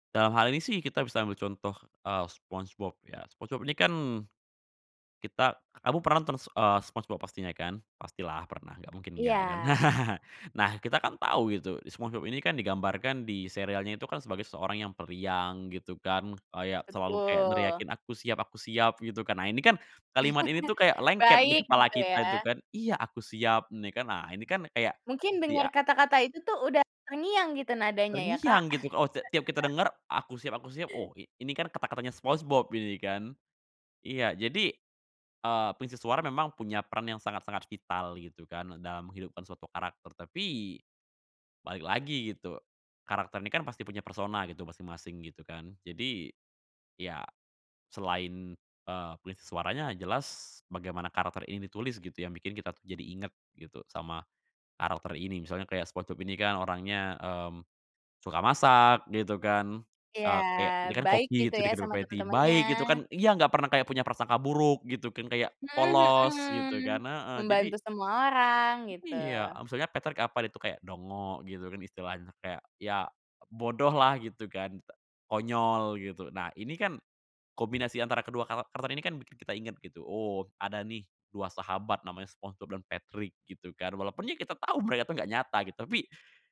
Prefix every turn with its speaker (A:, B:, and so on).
A: Dalam hal ini sih kita bisa ambil contoh, eee, SpongeBob ya, SpongeBob ini kan kita kamu pernah nonton s eee, SpongeBob pastinya kan? Pastilah pernah, nggak mungkin nggak kan.
B: Iya.
A: Nah kita kan tahu itu, SpongeBob ini kan, digambarkan di serialnya itu kan, sebagai seseorang yang periang gitu kan, kayak selalu kayak
B: Betul.
A: neriakin, "Aku siap aku siap." Gitu kan. Nah ini kan, kalimat ini tuh kayak lengket di
B: Baik,
A: kepala
B: gitu
A: kita, tuh
B: ya.
A: kan, "Iya, aku siap." Ini kan, nah ini kan, kayak
B: Mungkin dengar
A: dia
B: kata-kata itu tuh, udah terngiang gitu nadanya ya Kak.
A: terngiang gitu, oh, t tiap kita dengar, "Aku siap aku siap." Oh, i ini kan, kata-katanya Spongebob ini kan. Iya, jadi, eee, pengisi suara memang punya peran yang sangat-sangat vital, gitu kan, dalam menghidupkan suatu karakter. Tapi, balik lagi gitu, karakter ini kan pasti punya persona gitu, masing-masing, gitu kan. Jadi, ya, selain, eee, pengisi suaranya, jelas, bagaimana karakter ini ditulis gitu yang bikin kita tuh jadi inget, gitu, sama karakter ini. Misalnya kayak SpongeBob ini kan, orangnya, mmm, suka masak, gitu kan.
B: Iya,
A: Eee, kayak ini kan
B: baik
A: koki
B: gitu
A: itu
B: ya
A: di Krabby
B: sama
A: Patty,
B: teman-temannya.
A: baik gitu kan iya nggak pernah kayak punya prasangka buruk gitu kan, kayak
B: Mmm,
A: polos gitu kan.
B: mhm.
A: Heeh, jadi
B: Membantu semua orang,
A: iya,
B: gitu.
A: maksudnya Patrick apa deh tuh kayak dongo, gitu kan, istilahnya, kayak, ya bodoh lah, gitu kan, t konyol gitu. Nah ini kan, kombinasi antara kedua kawa karakter ini kan bikin kita inget gitu, oh, ada nih 2 sahabat namanya SpongeBob dan Patrick gitu kan. Walaupun ya kita tahu mereka tuh gak nyata gitu, tapi